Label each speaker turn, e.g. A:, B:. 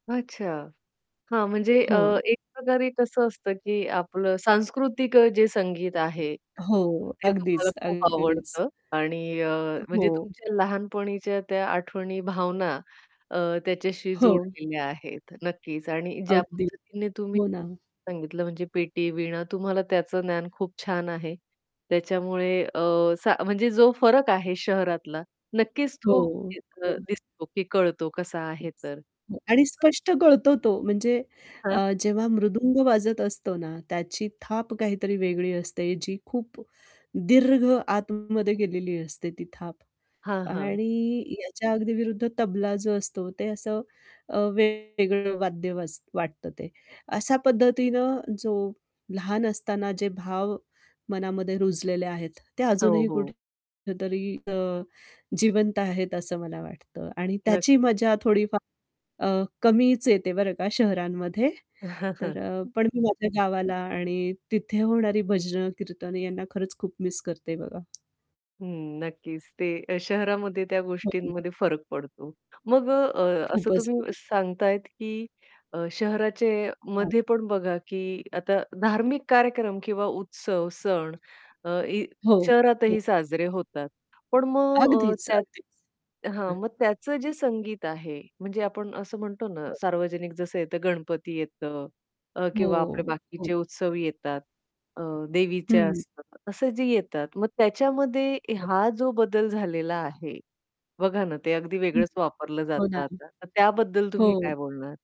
A: अच्छा! हां, म्हणजे अ,
B: हो.
A: एक प्रकारे कसं असतं, की आपलं सांस्कृतिक अ, जे संगीत आहे,
B: हो,
A: ते तुम्हाला
B: अगदीच,
A: खूप
B: अगदीच.
A: आवडतं आणि अ, म्हणजे
B: हो.
A: तुमच्या लहानपणीच्या त्या आठवणी, भावना अ, त्याच्याशी
B: हो.
A: जोडलेल्या आहेत, नक्कीच. आणि ज्या
B: अगदी,
A: पद्धतीने तुम्ही
B: हो ना.
A: सांगितलं, म्हणजे पेटी, वीणा तुम्हाला त्याचं ज्ञान खूप छान आहे, त्याच्यामुळे अ, सा म्हणजे जो फरक आहे शहरातला, नक्कीच
B: हो,
A: तो दिसतो. [unintelligible] अ,
B: हो.
A: दिसतो की कळतो, कसा आहे तर.
B: आणि स्पष्ट कळतो तो म्हणजे
A: हां.
B: अ, जेव्हा मृदुंग वाजत असतो ना, त्याची थाप काहीतरी वेगळी असते, जी खूप दीर्घ आतमध्ये गेलेली असते ती थाप.
A: हां, हां.
B: आणि याच्या अगदी विरुद्ध तबला जो असतो, ते असं अ, वेगळं वाद्य वाज वाटतं ते. अशा पद्धतीनं जो लहान असताना जे भाव मनामध्ये रुजलेले आहेत, ते
A: हो,
B: अजूनही
A: हो.
B: कुठेतरी अ, जिवंत आहेत असं मला वाटतं आणि त्याची
A: नक्कीच.
B: मजा थोडीफार अ, कमीच येते बरं का शहरांमध्ये तर अ, पण मी माझ्या गावाला आणि तिथे होणारी भजनं, कीर्तनं यांना खरंच खूप मिस करते बघा.
A: हं, नक्कीच. ते अ, शहरामध्ये त्या
B: हं.
A: गोष्टींमध्ये फरक पडतो. मग अ, अ, असं
B: खूपच,
A: तुम्ही
B: बरोबर.
A: सांगताहेत, की अ,
B: हां.
A: शहराचेमध्ये पण बघा, की आता धार्मिक कार्यक्रम किंवा उत्सव, सण अ, इ
B: हो,
A: शहरातही
B: हो.
A: साजरे होतात, पण मग अ,
B: अगदीच,
A: त्यात
B: अगदीच.
A: हां,
B: हं.
A: मग त्याचं जे संगीत आहे, म्हणजे आपण असं म्हणतो ना,
B: हो.
A: सार्वजनिक जसं येतं, गणपती येतं अ, किंवा आपले
B: हो, हो.
A: बाकीचे उत्सव येतात. अ, देवीच्या
B: हं.
A: असतात. असं जे येतात, मग त्याच्यामध्ये
B: हो.
A: हा जो बदल झालेला आहे, बघा ना, ते अगदी
B: हं,
A: वेगळंच वापरलं
B: हो
A: जातं
B: ना.
A: आता, तर त्याबद्दल तुम्ही
B: हो.
A: काय बोलणार?